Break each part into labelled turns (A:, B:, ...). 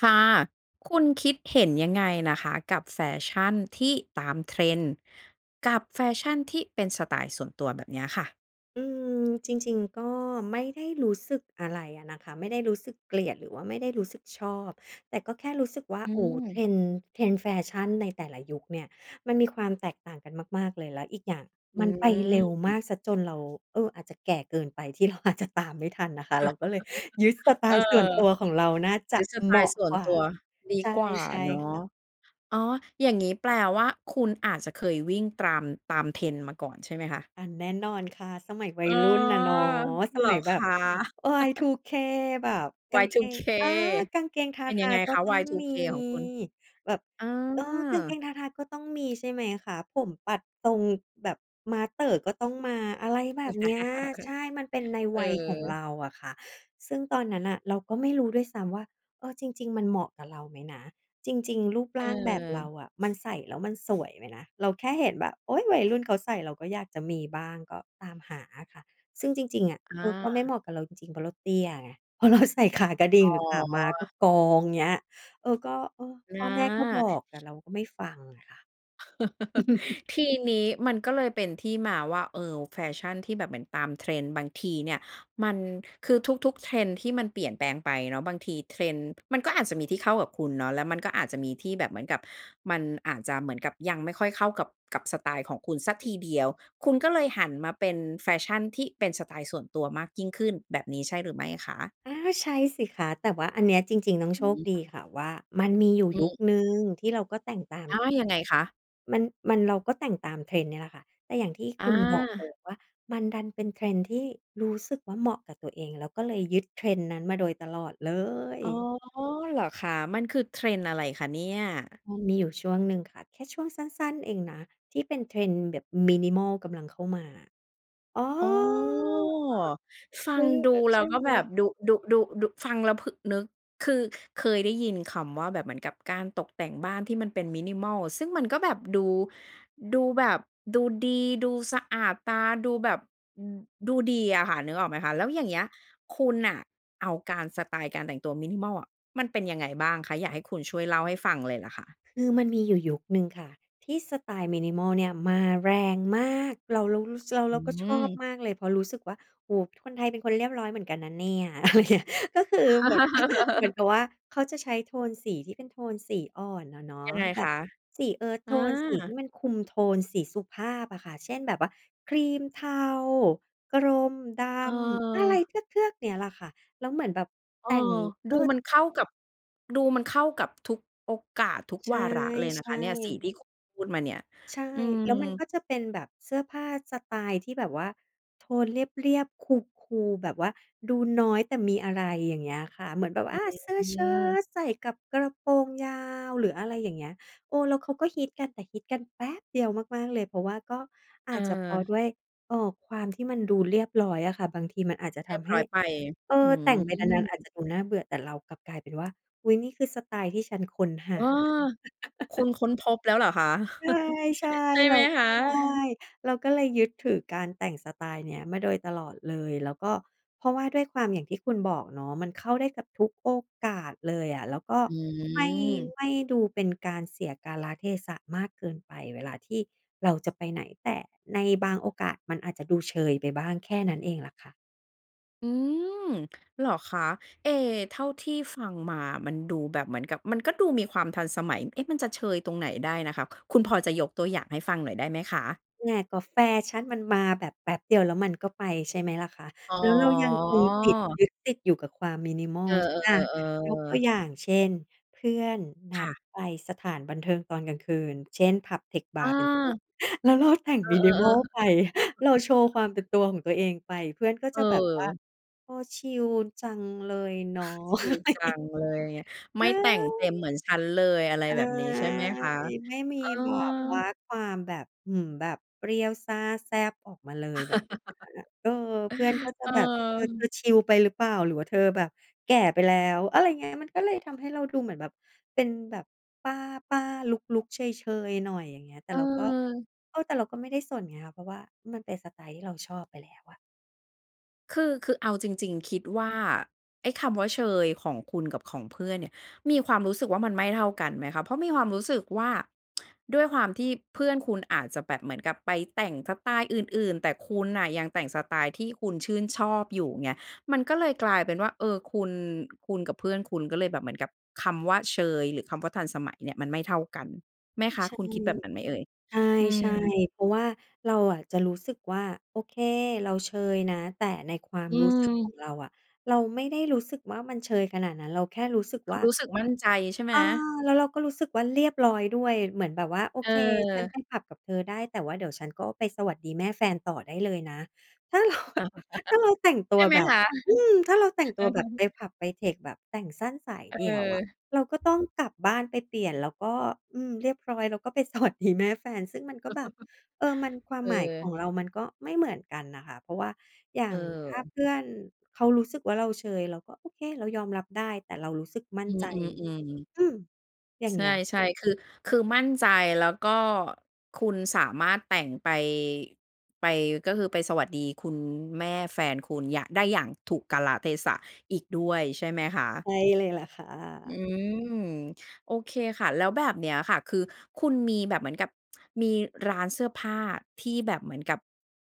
A: ค่ะ คุณคิดเห็นยังไงนะคะกับแฟชั่นที่ตาม Trend กับแฟชั่นที่เป็นสไตล์ส่วนตัวแบบเนี้ยค่ะ?
B: อืม จริง ๆ ก็ไม่ได้รู้สึกอะไรอะนะคะ ไม่ได้รู้สึกเกลียด หรือว่าไม่ได้รู้สึกชอบ แต่ก็แค่รู้สึกว่า
A: อื
B: โอ้
A: ม
B: Trend Trend แฟชั่นในแต่ละยุคเนี่ยมันมีความแตกต่างกันมาก ๆ เลย แล้วอีกอย่าง
A: อื
B: มันไปเร็วม
A: ม
B: ากเสียจนเรา เออ อาจจะแก่เกินไป ที่เรา อาจจะ ตามไม่ทันนะคะ เราก็เลยยึดสไต
A: เออ
B: ล์ส่วนตัวของเราน่าจ
A: หร
B: ะ
A: ือสไต
B: เหม
A: ล
B: า
A: ์
B: ะ
A: ส่ว
B: ก
A: น
B: ว่า
A: ตัวดี
B: ใช่
A: กว่า
B: ใช่
A: เนา
B: ค
A: ะ
B: ่ะ
A: อ๋อ อย่างงี้แปลว่าคุณอาจจะเคยวิ่งตาม- ตาม Trend มาก่อนใช่ไหมคะ?
B: อา แน่นอนค่ะ สมัยวั
A: อ๋
B: ย
A: อ
B: รุ่นน่ะเนาะ ส
A: เหร
B: ม
A: อ
B: ัยแบ
A: ค
B: บ
A: ะ?
B: Y2K แบบกางเกง
A: Y2K
B: อา กางเกงทา
A: เป็น
B: ท
A: ยั
B: า
A: งไง
B: ก็
A: คะ
B: ต้องมี
A: Y2K ของคุณ?
B: แบบ
A: อา
B: เออ กางเกงทาทาก็ต้องมี ใช่ไหมคะ ผมปัดทรงแบบม้าเต่อก็ต้องมา อะไรแบบเนี้ย ใช่ มันเป็นใน
A: เออ เอ
B: วัยของเร
A: อ
B: าอะค่ะ ซึ่งตอนนั้นน่ะเราก็ไม่รู้ด้วยซ้ำว่า เออ จริง ๆ มันเหมาะกับเราไหมนะ จริง ๆ รูปร่างแบบเรา
A: เออ
B: อะ มันใส่แล้วมันสวยไหมนะ เราแค่เห็นแบบ โอ๊ย วัยรุ่นเขาใส่ เราก็อยากจะมีบ้าง ก็ตามหาอะค่ะ ซึ่งจริง ๆ อะ
A: อ
B: เออ ก็ไม่เห
A: า
B: มาะกับเราจริง ๆ เพราะเราเตี้ยไง พอเราใส่ ขากระดิ่
A: อ
B: ง
A: ๋
B: หรือขาม้า ก็
A: อ
B: กอง อย่างเงี้ย เออ ก็ เออ
A: อ
B: พ่อแม่ก็บ
A: า
B: อก แต่เราก็ไม่ฟังอะค่ะ
A: ทีนี้มันก็เลยเป็นที่มาว่า เออ แฟชั่นที่แบบเหมือนตาม Trend บางทีเนี่ย มัน คือทุก ๆ Trend ที่มันเปลี่ยนแปลงไปเนาะ บางที Trend มันก็อาจจะมีที่เข้ากับคุณเนาะ แล้วมันก็อาจจะมีที่แบบเหมือนกับ มันอาจจะเหมือนกับยังไม่ค่อยเข้ากับ กับสไตล์ของคุณสักทีเดียว คุณก็เลยหันมาเป็นแฟชั่นที่เป็นสไตล์ส่วนตัวมากยิ่งขึ้น แบบนี้ใช่หรือไม่คะ?
B: อา ใช่สิคะ แต่ว่าอันเนี้ยจริง ๆ น้อง
A: อ
B: โ
A: ื
B: ชคด
A: ม
B: ีค่ะว่า มันมีอยู่
A: อื
B: ยุค
A: ม
B: หนึ่งที่เราก็แต่งตาม
A: อา ยังไงคะ?
B: มัน มัน เราก็แต่งตาม Trend นี่แหละค่ะ แต่อย่างที่
A: อ
B: คุณบอก เอ
A: า
B: อ ว่ามันดันเป็น Trend ที่รู้สึกว่าเหมาะกับตัวเอง แล้วก็เลยยึด Trend นั้นมาโดยตลอดเลย
A: อ๋อ เหรอคะ มันคือ Trend อะไรคะเนี่ย?
B: พอมีอยู่ช่วงหนึ่งค่ะ แค่ช่วงสั้น ๆ เองนะ ที่เป็น Trend แบบ Minimal กำลังเข้ามา อ๋อ
A: อ๋อ ฟั
B: ซื
A: ง
B: ้อ
A: ด
B: เอ
A: ู
B: อ
A: แล
B: ใช
A: ้ว
B: ่
A: ก็
B: ไห
A: แบบ
B: ม
A: ดู ดู ดู ดู ฟังแล้วพึ นึก คือเคยได้ยินคำว่าแบบเหมือนกับการตกแต่งบ้านที่มันเป็น Minimal ซึ่งมันก็แบบดู ดูแบบ ดูดี ดูสะอาดตา ดูแบบ อ ดูดีอะค่ะ นึกออกไหมคะ แล้วอย่างเงี้ยคุณน่ะเอาการ สไตล์การแต่งตัว Minimal อะ มันเป็นยังไงบ้างคะ? อยากให้คุณช่วยเล่าให้ฟังเลยล่ะค่ะ
B: คือมันมีอยู่ยุคหนึ่งค่ะที่สไตล์ Minimal เนี่ยมาแรงมาก เรา เรา เรารู้ ส เรา
A: อ
B: เร
A: ื
B: าก็ชอบ
A: ม
B: มากเลย เพราะรู้สึกว่า โอ้โฮ คนไทยเป็นคนเรียบร้อยเหมือนกันนะเนี่ย อะไรเงี้ย ก็คือเหมือน เหมือนกับว่าเขาจะใช้โทนสีที่เป็นโทนสีอ่อนอะเนาะ
A: ยังไง
B: แบ
A: ค
B: บ
A: ะ?
B: สี earth
A: อ
B: tone สีที
A: า
B: ่มันคุมโทน สีสุภาพอะค่ะ เช่นแบบว่า ครีมเทา กรมดำ อะไร
A: เออ
B: เทือก ๆ เนี้ยแหละค่ะ แล้วเหมือนแบบ
A: เอ
B: แต
A: อ
B: ่ง เอ
A: ดู
B: อ
A: มันเข้ากับ ดูมันเข้ากับทุกโอกาส ทุก
B: ใ
A: วาระ เลยน
B: ช
A: ะค
B: ่
A: ะ เนี่ย สีที
B: ๆ
A: ่ ค พูดมาเนี่ย
B: ใช่
A: อื
B: แล้วมันก
A: ม
B: ็จะเป็นแบบเสื้อผ้าสไตล์ที่แบบว่าโทนเรียบ ๆ Cool Cool แบบว่าดูน้อยแต่มีอะไร อย่างเงี้ยค่ะ เหมือนแบบ
A: อ
B: อา เสื้อ
A: ื
B: เชิ้
A: ม
B: ตใส่กับกระโปรงยาว หรืออะไรอย่างเงี้ย เออ แล้วเขาก็ฮิตกัน แต่ฮิตกันแป๊บเดียวมาก ๆ เลย เพราะว่าก็อ
A: เ
B: าจจะเพราะ
A: ออ
B: ด้วย เอ่อ ความที่มันดูเรียบร้อยอะค่ะ บางทีมันอาจจะท
A: เรียบ
B: ำให
A: ร
B: ้
A: ้อยไป
B: เอ
A: อื
B: อ แต่งไปนาน ๆ อาจ
A: ม
B: จะดูน่าเบื่อ แต่เรากลับกลายเป็นว่า อุ๊ย นี่คือสไตล์ที่ฉันค้นห
A: อ
B: า
A: ้อ คุณค้นพบแล้วเหรอคะ?
B: ใช่
A: ใช่
B: ๆ เ
A: ไ
B: ร
A: ห
B: า
A: มคะ?
B: ใช่ เราก็เลยยึดถือการแต่งสไตล์เนี้ยมาโดยตลอดเลย แล้วก็ เพราะว่าด้วยความอย่างที่คุณบอกเนาะ มันเข้าได้กับทุกโอกาสเลยอะ แล้วก็
A: อ
B: ไม่
A: ือ
B: ไม่ดูเป็นการเสียกาลเทศะมากเกินไปเวลาที่เราจะไปไหน แต่ในบางโอกาสมันอาจจะดูเชยไปบ้าง แค่นั้นเองแหละค่ะ
A: อืม เหรอคะ? เอ เท่าที่ฟังมามันดูแบบเหมือนกับมันก็ดูมีความทันสมัย เอ๊ะ มันจะเชยตรงไหนได้นะคะ คุณพอจะยกตัวอย่างให้ฟังหน่อยได้ไหมคะ?
B: [unintelligible] กับแฟชั่นมันมาแบบแป๊บเดียว แล้วมันก็ไปใช่ไหมล่ะคะ
A: อ๋อ
B: แล้วเรายังคงติด ยึดติดอยู่กับความ
A: เอ
B: minimal
A: อ
B: อะ ยกตัว
A: ๆ ๆ
B: อย่างเช่น เพื่อนน
A: ค
B: ั
A: ่
B: ด
A: ะ
B: ไปสถานบันเทิงตอนกลางคืน เช่น ผับ เทค บ
A: อ
B: าร์ เป็นต้น
A: า
B: แล้วเราแต่ง
A: เออ
B: minimal
A: ๆ ๆ
B: ไป เราโชว์ความเป็นตัวของตัวเองไป เพื่อนก็จะแบบว่า
A: เออ
B: เออ ชิลจังเลยเนาะ
A: ชิลจังเลย ไม
B: เ
A: ่แต่งเ
B: อ
A: ต
B: อ
A: ็มเหมือนฉันเลย อะไร
B: ใช่
A: แบบนี้ใช่ไหมคะ?
B: ไม่มี
A: เออ
B: แบบว่าความแบบ อืม แบบเปรี้ยวซ่าแซ่บออกมาเลย แบบ [unintelligible] เออ เพื่อนก็จะ
A: เ
B: แบบ "เออ เธอ
A: ออ
B: ชิลไปหรือเปล่า หรือว่าเธอแบบแก่ไปแล้ว?" อะไรเงี้ย มันก็เลยทำให้เราดูเหมือนแบบเป็นแบบป้า ๆ ลุก ๆ เชย ๆ หน่อยอย่างเงี้ย แต่
A: เ
B: เราก็
A: ออ
B: เออ แต่เราก็ไม่ได้สนไงคะ เพราะว่ามันเป็นสไตล์ที่เราชอบไปแล้วอะ
A: คือ คือเอาจริง ๆ คิดว่า ไอ้คำว่าเชยของคุณกับของเพื่อนเนี่ย มีความรู้สึกว่ามันไม่เท่ากันไหมคะ? เพราะมีความรู้สึกว่า ด้วยความที่เพื่อนคุณอาจจะแบบเหมือนกับไปแต่งสไตล์อื่น ๆ แต่คุณน่ะยังแต่งสไตล์ที่คุณชื่นชอบอยู่ไง มันก็เลยกลายเป็นว่า เออ คุณ คุณกับเพื่อนคุณก็เลยแบบเหมือนกับคำว่าเชย หรือคำว่าทันสมัยเนี่ยมันไม่เท่ากันไหมคะ
B: ใช่
A: คุณคิดแบบนั้นไหมเอ่ย? อื
B: ใช่
A: ม
B: ๆ เพราะว่าเราอะจะรู้สึกว่า โอเค เราเชยนะ แต่ในความ
A: อื
B: รู้สึกของ
A: ม
B: เราอะ เราไม่ได้รู้สึกว่ามันเชยขนาดนั้น เราแค่รู้สึก
A: คุ
B: ว่
A: ณ
B: า
A: รู้สึกมั่นใจใช่ไหม?
B: อา แล้วเราก็รู้สึกว่าเรียบร้อยด้วย เหมือนแบบว่า โอ
A: เ
B: เค ฉัน
A: ออ
B: ไปผับกับเธอได้ แต่ว่าเดี๋ยวฉันก็ไปสวัสดีแม่แฟนต่อได้เลยนะ ถ้าเรา ถ้าเราแต่งต
A: ใ
B: ั
A: ช
B: ว
A: ่ไหม
B: แบบ
A: คะ?
B: อืม ถ้าเราแต่ง
A: เอ
B: ตั
A: อ
B: วแบบไปผับไปเทค แบบแต่งสั้นสาย
A: เ
B: เด
A: อ
B: ี่ยวอ
A: อ
B: ะ เราก็ต้องกลับบ้านไปเปลี่ยนแล้วก็ อืม เรียบร้อยเราก็ไป สวัสดี แม่แฟน ซึ่งมันก็แบบ เออ มันความ
A: เ
B: หมายขอ
A: ออ
B: งเรามันก็ไม่เหมือนกันน่ะค่ะ เพราะว่าอย่า
A: เ
B: งถ้า
A: ออ
B: เพื่อนเขารู้สึกว่า เราเชย เราก็โอเค เรายอมรับได้ แต่เรารู้สึกมั่
A: อ
B: น
A: ื
B: ใจ
A: ม ๆ ๆ
B: อืม อย่า
A: ใ
B: ง
A: ช
B: เงี้ย
A: ่ ๆ คือ คือมั่นใจแล้วก็คุณสามารถแต่งไป ไป ก็คือไปสวัสดีคุณแม่แฟนคุณ อยาก ได้อย่างถูกกาลเทศะอีกด้วยใช่ไหมคะ?
B: ใช่เลยล่ะค่
A: อื
B: ะ
A: ม โอเคค่ะ แล้วแบบเนี้ยค่ะ คือคุณมีแบบเหมือนกับ มีร้านเสื้อผ้าที่แบบเหมือนกับ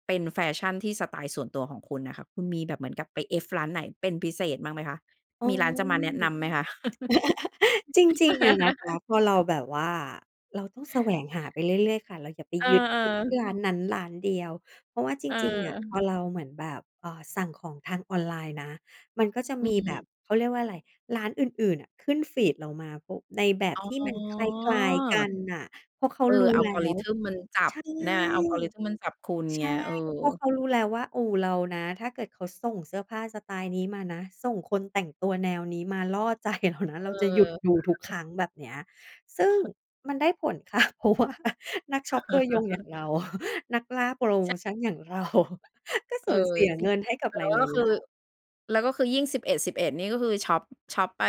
A: เป็นแฟชั่นที่สไตล์ส่วนตัวของคุณน่ะค่ะ คุณมีแบบเหมือนกับไปเอฟร้านไหนเป็นพิเศษบ้างไหมคะ?
B: อื
A: มีร้านจะมาแน
B: ม
A: ะนำไหมคะ?
B: จริง ๆ อะนะคะ พอเราแบบว่า เราต้องแสวงหาไปเรื่อย ๆ ค่ะ เราอย่าไป
A: เออ
B: ยึดติดที่
A: ๆ
B: ร้านนั้นร้านเดียว เพราะว่าจ
A: เ
B: ริง ๆ อะ พ
A: ออ
B: อเราเหมือนแบบ เอ่อ สั่งของทางออนไลน์นะ มันก็จะ
A: อื
B: มีแบบ
A: ม
B: เขาเรียกว่าอะไร ร้านอื่น ๆ น่ะขึ้นฟีดเรามา ก็ในแบบที่
A: อ๋
B: มันคล้าย ๆ กั
A: อ
B: นน่ะ เพราะเขา
A: เอ
B: ร
A: อ
B: ู้แล้ว
A: algorithm มันจั
B: ใ
A: บ
B: ช่
A: นะคะ algorithm มันจับคุณ
B: ใช
A: เง
B: ่
A: ี้ย เอ
B: เพราะ
A: อ
B: เขารู้แล้วว่า โอ้โฮ เรานะ ถ้าเกิดเขาส่งเสื้อผ้าสไตล์นี้มานะ ส่งคนแต่งตัวแนวนี้มาล่อ ใจ เรานะ
A: เ
B: เร
A: อ
B: าจะหยุดดู
A: อ
B: ทุกครั้ง แบบเนี้ย ซึ่งมันได้ผล ค่ะ เพราะว่า นักช็อปตัวยงอย่างเรา นักล่าโพรโ
A: ใ
B: ม
A: ช่
B: ชันอย่าง เรา ก็ส
A: เอ
B: ู
A: อ
B: ญเสีย
A: จริ
B: เง
A: ง
B: ินให้กับ
A: แล
B: หล
A: ้วก็
B: าย
A: ค
B: ๆ
A: ือ
B: ร้าน
A: แล้วก็คือยิ่ง 11.11 นี่ก็คือช็อป ช็อปไป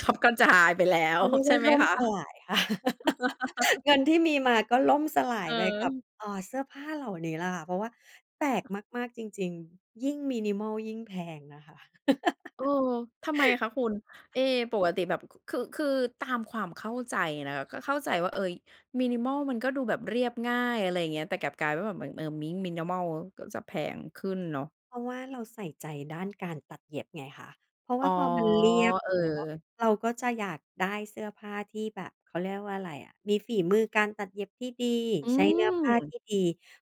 A: ช็อปกระจายไปแล้
B: เ
A: ว
B: ขาเรียก
A: ใช
B: ว
A: ่
B: ่า
A: ไหม
B: ล่ม
A: คะ?
B: สลายค่ะ เงินที่มีมาก็ล่มสลายไปกับ
A: เออ
B: เอ่อ เสื้อผ้าเหล่านี้แหละค่ะ เพราะว่าแปลกมาก ๆ จริง ๆ ยิ่ง minimal ยิ่งแพงนะคะ
A: เออ ทำไมคะคุณ? เอ ปกติแบบ ค คือ คือตามความเข้าใจนะคะ ก็เข้าใจว่า เออ minimal มันก็ดูแบบเรียบง่าย อะไรอย่างเงี้ย แต่กลับกลายว่าเหมือนแบบ เออ mi minimal ก็จะแพงขึ้นเนาะ
B: เพราะว่าเราใส่ใจด้านการตัดเย็บไงคะ เพราะว
A: อ
B: ่
A: ๋
B: า
A: อ
B: พอมันเรียบ
A: เ
B: เ
A: อ
B: นาะ
A: อ
B: เราก็จะอยากได้เสื้อผ้าที่แบบ เขาเรียกว่าอะไรอะ มีฝีมือการตัดเย็บที่ดี
A: อื
B: ใช้เน
A: ม
B: ื้อผ้าที่ดี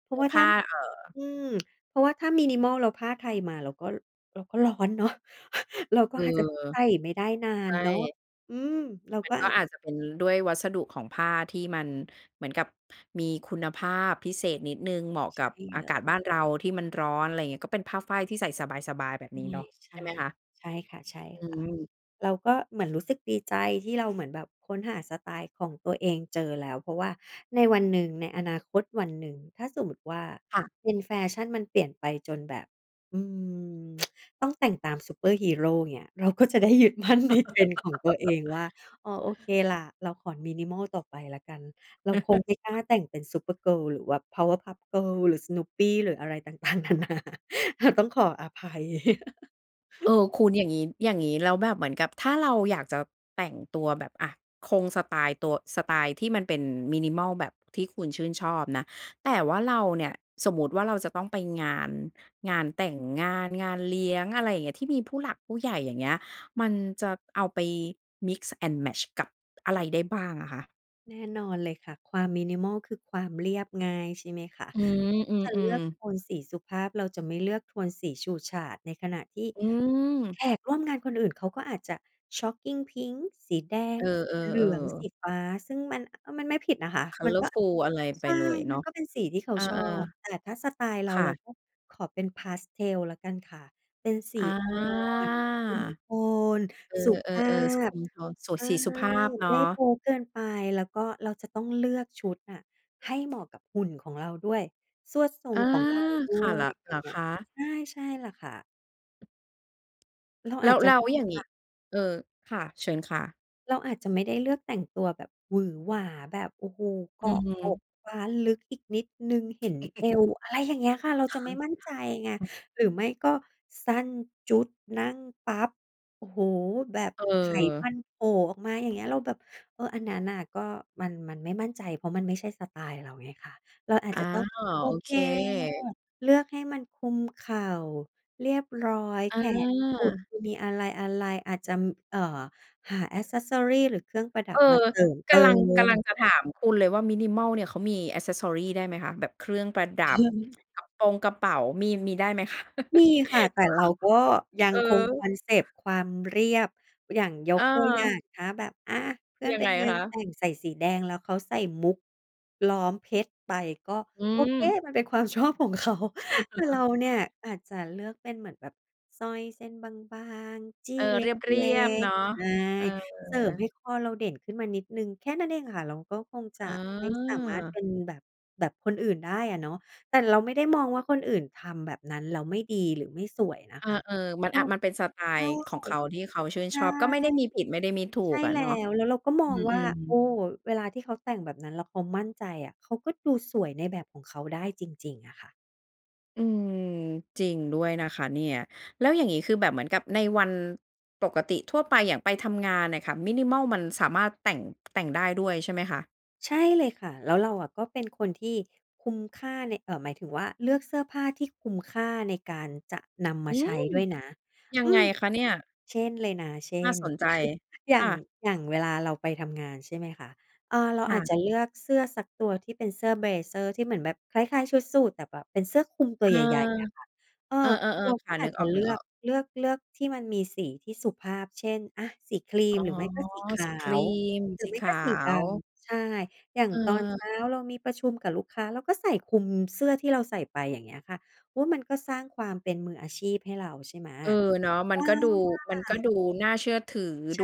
B: เพรา
A: เนื
B: ะ
A: ้
B: ว่
A: อ
B: า
A: ผ
B: ถ้
A: ้
B: า
A: า เออ
B: อืม เพราะว่าถ้า minimal แล้วผ้าไทยมาเราก็ เราก็ร้อนเนาะ เราก็
A: เออ
B: อาจจะใส่ไม่ได้นา
A: ใช
B: นเนาะ
A: ่
B: อืม เรา
A: มั
B: ก็
A: นก
B: อ
A: ็
B: าจ
A: อาจจะเป็นด้วยวัสดุของผ้าที่มันเหมือนกับมีคุณภาพพิเศษนิดหนึ่ง เหมาะ
B: ใช
A: กับ
B: ่
A: อ
B: เ
A: า
B: ล
A: กา
B: ย
A: ศบ้านเราที่มันร้อน อะไรอย่างเงี้ย ก็เป็นผ้าฝ้ายที่ใส่สบาย ๆ แบบนี้เนาะ
B: ใช
A: ใช่
B: ่
A: ไหมคะ?
B: ๆ ใช่ค
A: อื
B: ่ะ
A: ม
B: ๆ เราก็เหมือนรู้สึกดีใจที่เราเหมือนแบบค้นหาสไตล์ของตัวเองเจอแล้ว เพราะว่าในวันหนึ่ง ในอนาคตวันหนึ่งถ้าสมมุติว่า
A: ค่ะ
B: trend แฟชั่นมันเปลี่ยนไปจนแบบ อืม ต้องแต่งตามซุปเปอร์ฮีโร อย่างเงี้ย เราก็จะได้ ยึดมั่นใน trend ของตัวเองว่า อ๋อ โอเคล่ะ เราขอ minimal ต่อไปแล้วกัน เราคงไม่กล้าแต่งเป็น Supergirl หรือว่า Powerpuff Girls หรือ Snoopy หรืออะไรต่าง ๆ นานา อาจต้องขออภัย
A: เออ คุณอย่างงี้ อย่างงี้แล้วแบบเหมือนกับถ้าเราอยากจะแต่งตัวแบบ อะ คงสไตล์ตัว สไตล์ที่มันเป็น minimal แบบที่คุณชื่นชอบนะ แต่ว่าเราเนี่ย สมมุติว่าเราจะต้องไปงาน งานแต่งงาน งานเลี้ยง อะไรอย่างเงี้ย ที่มีผู้หลักผู้ใหญ่ อย่างเงี้ย มันจะเอาไป mix and match กับอะไรได้บ้างอะคะ?
B: แน่นอนเลยค่ะ ความ Minimal คือความเรียบง่าย ใช่ไหมคะ
A: อืม
B: เราก
A: อ
B: ็จะ
A: ื
B: เลื
A: ม
B: อกโ
A: ๆ
B: ทนสีสุภาพ เราจะไม่เลือกโทนสีฉูดฉาด ในขณะที่
A: อื
B: แ
A: ม
B: ขกร่วมงานคนอื่น เขาก็อาจจะช็อกกิงพิงก์ สีแดง
A: เออ
B: สีเหลือง สี
A: ๆ ๆ
B: ฟ้า ซึ่งมัน อ มันไม่ผิดนะคะ มันก็
A: Colourful อะไรไ
B: ใช
A: ป
B: ่
A: เลยเ
B: ม
A: น
B: ั
A: า
B: น
A: ะ
B: ก็เป็นสีที่เขา
A: เออ
B: ชอบ แต่ถ้าสไตล์เร
A: ๆ
B: า
A: ค่
B: เรา
A: ะ
B: ก็ขอเป็น Pastel แล้วกันค่ะ เป็นสี
A: อา
B: อ่อน คุมโทน
A: เอ
B: สุ
A: อ
B: ภา
A: ๆ ๆ ส คลุ
B: พ
A: มโทน โส
B: ใช่
A: สีสุภาพเนา
B: ไม่โป
A: ะ
B: ๊เกินไป แล้วก็เราจะต้องเลือกชุดน่ะให้เหมาะกับหุ่นของเราด้วย ทรวดทร
A: อ
B: ง
A: า
B: ของเราด้
A: ค่ะ
B: ว
A: เหร
B: ย
A: อ เ
B: อย
A: ห
B: ่
A: ร
B: า
A: อ
B: งเงี
A: ค
B: ้ย
A: ะ?
B: ใช่ ใช่แล้วค่ะ เรา
A: แล
B: อา
A: ้
B: จ
A: ว
B: จะ
A: แล้วอย่างง
B: ค
A: ี
B: ่
A: ้
B: ะ
A: เออ ค่ะ เชิญค่ะ
B: เราอาจจะไม่ได้เลือกแต่งตัวแบบหวือหวา แบบ โอ้โฮ เก
A: อื
B: าะอก
A: ม
B: คว้านลึก อีกนิดหนึ่งเห็นเอว อะไรอย่างเงี้ยค่ะ เราจะไม่มั่นใจไง
A: อ
B: หรือไม่ก็สั้นจุ๊ด นั่งปั๊บ โอ้โฮ แบบไขมั
A: เออ
B: นโผล่ออกมา อย่างเงี้ย เราแบบ เออ อันนั้นน่ะ ก็มัน มันไม่มั่นใจ เพราะมันไม่ใช่สไตล์เราไงคะ เราอาจ
A: อา
B: จะต้อง โอ
A: โอ
B: เค
A: เค
B: เลือกให้มันคลุมเข่า เรียบร้อย
A: อ
B: แขนกุด
A: า
B: มีอะไร ๆ อาจจะ เอ่อ หา แอกเซสซอรี หรือเครื่องประดั
A: เอ
B: บ
A: อ
B: มาเสริมเต
A: ก
B: ิ
A: ำลัง กำล
B: ม
A: ังจะถามคุณเลยว่า Minimal เนี่ย เขามี แอกเซสซอรี ได้ไหมคะ แบบเครื่องประดับ กระปงกระเป๋า มี มีได้ไหม คะ?
B: มีค่ะ แต่เราก็ยั
A: เขาคง ฮ เอ
B: งคง
A: อ
B: คอนเซปต์ความเรียบ อย่างย
A: เ
B: กตัวอย่า
A: ออ
B: ง ถ้าแบบ อา เพื่อน
A: ยั
B: ไป
A: งไง
B: งาน
A: คะ?
B: แต่ง ใส่สีแดง แล้วเขาใส่มุุกล้อมเพชรไป ก็
A: อื
B: โอเค
A: ม
B: มันเป็นความ ชอบของเขา แต่เราเนี่ยอาจจะเลือกเป็นเหมือนแบบสร้อยเส้นบาง ๆ จี
A: เ
B: ้
A: ออ
B: เ
A: เรี
B: ล็
A: ยบ ๆ เน
B: ก
A: าะ
B: ๆ ใช่
A: เอ
B: เสริมให
A: อ
B: ้คอเราเด่นขึ้นมานิดหนึ่ง แค่นั้นเองค่ะ เราก็คงจ
A: อ๋
B: ะ
A: อ
B: ไม่สามารถเป็นแบบ แบบคนอื่นได้อะเนาะ แต่เราไม่ได้มองว่าคนอื่นทำแบบนั้นแล้วไม่ดีหรือไม่สวยนะ
A: อา
B: คะ
A: เออ มัน
B: ก
A: อ
B: ็
A: า มันเป็นสไต
B: ใช
A: ล
B: ่
A: ์ของเขาที่เขาชื่น
B: ใช
A: ช
B: ่
A: อบ ก็ไม่ได้มีผิดไม่ได้มีถู
B: ใช่
A: กอะ
B: แล
A: เ
B: ้
A: นาะ
B: ว แล้วเราก็ม
A: อื
B: องว่า
A: ม
B: โอ้
A: ๆ
B: เวลาที่เขาแต่งแบบนั้นแล้วเขามั่นใจอะ เขาก็ดูสวยในแบบของเขาได้จริง ๆ อะค่ะ
A: อืม จริงด้วยนะคะเนี่ย แล้วอย่างงี้คือแบบเหมือนกับในวันปกติทั่วไป อย่างไปทำงานน่ะค่ะ minimal มันสามารถแต่ง แต่งได้ด้วยใช่ไหมคะ?
B: ใช่เลยค่ะ แล้วเราอะก็เป็นคนที่คุ้มค่าใน เอ่อ หมายถึงว่าเลือกเสื้อผ้าที่คุ้มค่าในการจะนำม
A: อื
B: าใช
A: ม
B: ้ด้วยนะ
A: ยั
B: อื
A: งไง
B: ม
A: คะเนี่ย?
B: เช่นเลยนะ เช่
A: น่า
B: น
A: สนใจ
B: อย่
A: ค
B: า
A: ่
B: ง
A: ะ
B: อย่างเวลาเราไปทำงาน ใช่ไหมคะ เออ เรา
A: ค
B: อ
A: ่
B: าจ
A: ะ
B: จะเลือกเสื้อสักตัวที่เป็นเสื้อ เบลเซอร์ ที่เหมือนแบบคล้าย ๆ ชุดสูท แต่แบบเป็นเสื้อคลุมตั
A: เอ
B: วให
A: อ
B: ญ่ ๆ อะค่ะ เออ
A: เออ
B: เรา
A: ๆ ๆ ค
B: ก็
A: ่ะ
B: อ
A: น
B: า
A: ึ
B: จ
A: ก
B: จ
A: อ
B: ะเลือ
A: อ
B: ก
A: ก ๆ
B: เลือก เลือกที่มันมีสีที่สุภาพ เช่น อา สีครี
A: อ๋อ
B: ม หรือไม่ก็สีข
A: ส
B: า
A: ีครี
B: ว
A: ม
B: หรื
A: ส
B: อ
A: ี
B: ไม่
A: ข
B: ก็
A: า
B: สีด
A: ว
B: ำ ใช่ อย่างตอนเช้
A: เออ
B: าเรามีประชุมกับลูกค้า เราก็ใส่คลุมเสื้อที่เราใส่ไป อย่างเงี้ยค่ะ เพราะว่ามันก็สร้างความเป็นมืออาชีพให้เรา ใช่ไหม
A: เออ เนาะ ม
B: เ
A: ั
B: อ
A: น
B: อ
A: ก็ดู
B: มา
A: มันก็
B: ก
A: ดูน่าเชื่อถือ
B: ใช
A: ดู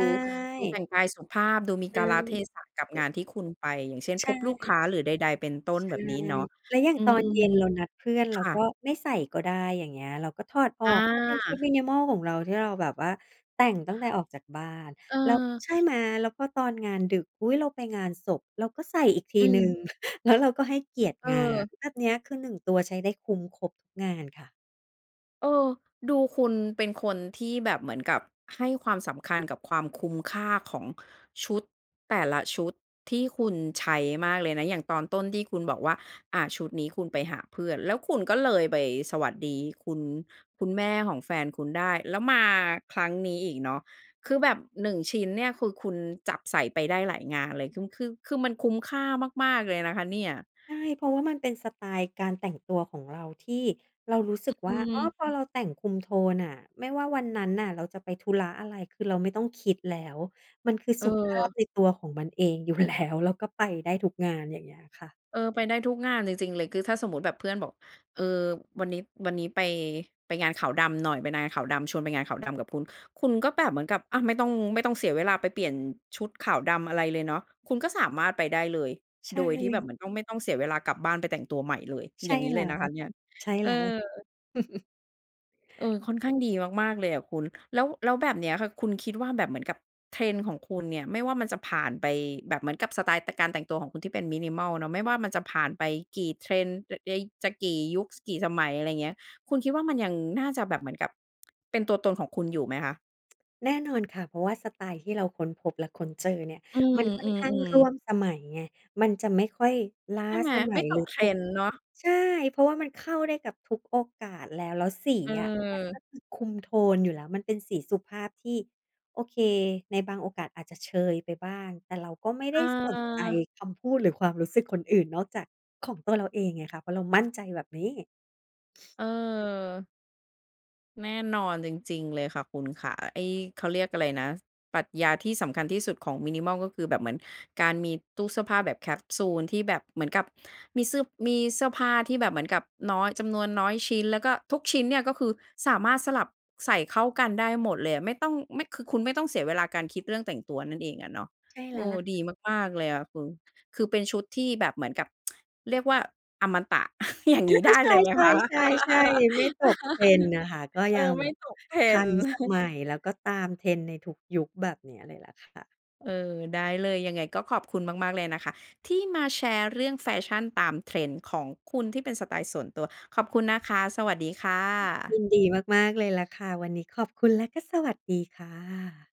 A: ดูแต
B: ่
A: ่งกายสุขภาพ ดูมี
B: อ
A: ก
B: ื
A: าล
B: ม
A: เทศะกับง
B: อ
A: านที่คุณไป อย่างเช่น
B: ใช
A: พบลูกค
B: ่
A: ้า หรือใด ๆ เป็นต้น
B: ใช
A: แ
B: ่
A: บบนี้เนาะ
B: แล้วอย่า
A: อ
B: ง
A: ื
B: ตอนเย็
A: ม
B: นเรานัดเพื่อน
A: ๆ ค
B: เรา
A: ่
B: ก็
A: ะ
B: ไม่ใส่ก็ได้ อย่างเงี้ย เราก็ถอดออกก็เป็
A: อ
B: นชุด
A: า
B: minimal ของเรา ที่เราแบบว่าแต่งตั้งแต่ออกจากบ้าน
A: เ
B: แล้ว
A: ออ
B: ใช่ไหม แล้วก็ตอนงานดึก อุ๊ย! เราไปงานศพเราก็ใส่อีกที
A: อ
B: หนึ่ง
A: ืม
B: แล้วเราก็ให้เกียรติ
A: เ
B: งาน
A: ออ
B: แบบเนี้ย คือ 1 ตัวใช้ได้คุ้มครบทุกงานค่ะ
A: เออ ดูคุณเป็นคนที่แบบเหมือนกับให้ความสำคัญกับความคุ้มค่าของชุดแต่ละชุดที่คุณใช้มากเลยนะ อย่างตอนต้นที่คุณบอกว่า อา ชุดนี้คุณไปหาเพื่อน แล้วคุณก็เลยไปสวัสดีคุณ คุณแม่ของแฟนคุณได้ แล้วมาครั้งนี้อีกเนาะ คือแบบ 1 ชิ้นเนี่ยคือคุณจับใส่ไปได้หลายงานเลย คือ คือ คือมันคุ้มค่ามาก ๆ เลยนะคะเนี่ย
B: ใช่ เพราะว่ามันเป็นสไตล์การแต่งตัวของเราที่เรารู้สึ
A: อ
B: ก
A: อ
B: ว
A: ื
B: ่า อ้อ
A: ม
B: พอเราแต่งคุมโทนน่ะ ไม่ว่าวันนั้นน่ะเราจะไปธุระอะไร คือเราไม่ต้องคิดแล้ว มันคือสุภาพ
A: เออ
B: ในตัวของมันเองอยู่ แล้ว แล้วก็ไปได้ทุกงาน อย่างเงี้ยค่ะ
A: เออ ไปได้ทุกงานเลยจริงเลย คือถ้าสมมุติแบบเพื่อนบอก เออ วันนี้ วันนี้ไป ไปงานขาวดำหน่อย ไปนาขาวดำ ชวนไปงานขาวดำกับคุณ คุณก็แบบเหมือนกับ อา ไม่ต้อง ไม่ต้องเสียเวลาไปเปลี่ยนชุดขาวดำอะไรเลยเนาะ คุณก็สามารถไปได้เลย
B: ใช
A: โดยที่แบ
B: ่
A: บเหมือนต้อง ไม่ต้องเสียเวลากลับบ้านไปแต่งตัวใหม่เลย
B: ใช
A: อย
B: ่
A: ่างนี้
B: แล
A: เล
B: ้
A: ย
B: ว
A: น
B: แ
A: ะ
B: หล
A: ค
B: ะ
A: ะเ
B: ค
A: นี่
B: ่ะ
A: ย
B: ใช่
A: เอ
B: แล
A: อ
B: ้ว
A: เออ ค่อนข้างดีมาก ๆ เลยอะคุณ แล้ว แล้วแบบเนี้ยค่ะคุณคิดว่าแบบเหมือนกับ Trend ของคุณเนี่ย ไม่ว่ามันจะผ่านไปแบบเหมือนกับ สไตล์ ต การแต่งตัวของคุณที่เป็น Minimal เนาะ ไม่ว่ามันจะผ่านไปกี่ Trend อ ย จะกี่ยุค ส กี่สมัย อะไรเงี้ย คุณคิดว่ามันยังน่าจะแบบเหมือนกับเป็นตัวตนของคุณอยู่ไหมคะ?
B: แน่นอนค่ะ เพราะว่าสไตล์ที่เราค้นพบและค้นเจอเนี่ย
A: อืม
B: มันค่อ
A: อ
B: น
A: ื
B: ข้าง
A: ม
B: ร่
A: ๆ
B: วมสมัยไง มันจะไม่ค่อยล้า
A: ใช่ไหม
B: สม
A: ไ
B: ั
A: ม่
B: ย
A: ต
B: หรื
A: ก
B: อพวก
A: trend เนาะ
B: ใช่ เพราะว่ามันเข้าได้กับทุกโอกาส แล้ว แล้วสีอะมัน
A: เออ
B: ก็คือคุมโทนอยู่แล้ว มันเป็นสีสุภาพที่ โอเค ในบางโอกาสอาจจะเชยไปบ้าง แต่เราก็ไม่ได
A: อ
B: ้สนใจ
A: า
B: คำพูด หรือความรู้สึกคนอื่นนอกจากของตัวเราเองไงคะ เพราะเรามั่นใจแบบนี้
A: เออ แน่นอนจริง ๆ เลยค่ะคุณขา ไอ้ เขาเรียกอะไรนะ ปรัชญาที่สำคัญที่สุดของ minimal ก็คือแบบเหมือนการมีตู้เสื้อผ้าแบบแคปซูล ที่แบบเหมือนกับมีซึบ มีเสื้อผ้าที่แบบเหมือนกับน้อย จำนวนน้อยชิ้น แล้วก็ทุกชิ้นเนี่ยก็คือสามารถสลับ ใส่เข้ากันได้หมดเลยอะ ไม่ต้อง ไม่ คือคุณไม่ต้องเสียเวลาการคิดเรื่องแต่งตัวนั่นเองอะเนาะ
B: ใช่แ
A: เ
B: ล
A: อ
B: ้วแห
A: อ
B: ล
A: ด
B: ะ
A: ีมาก ๆ เลยอะคุณ คือเป็นชุดที่แบบเหมือนกับ เรียกว่าอมตะ อย่าง
B: อ
A: งี้ ได้เล
B: า
A: ยไหม
B: ๆ ใช
A: คะ?
B: ่ ๆ ๆ ๆ ไม่ตก trend นะคะ ก็
A: เอ
B: ยั
A: อ
B: ง
A: ไ
B: แ
A: ม
B: บ
A: ่
B: บ
A: ตก
B: ทั
A: trend
B: นสมัย แล้วก็ตาม trend ในทุกยุค แบบเนี้ยเลยแหละค่ะ
A: เออ ได้เลย ยังไงก็ขอบคุณมากๆ เลยนะคะที่มาแชร์เรื่องแฟชั่นตาม trend ของคุณที่เป็นสไตล์ส่วนตัว ขอบคุณนะคะ สวัสดีค่
B: ย
A: ะ
B: ินดีมาก ๆ เลยล่ะค่ะ วันนี้ขอบคุณและก็สวัสดีค่ะ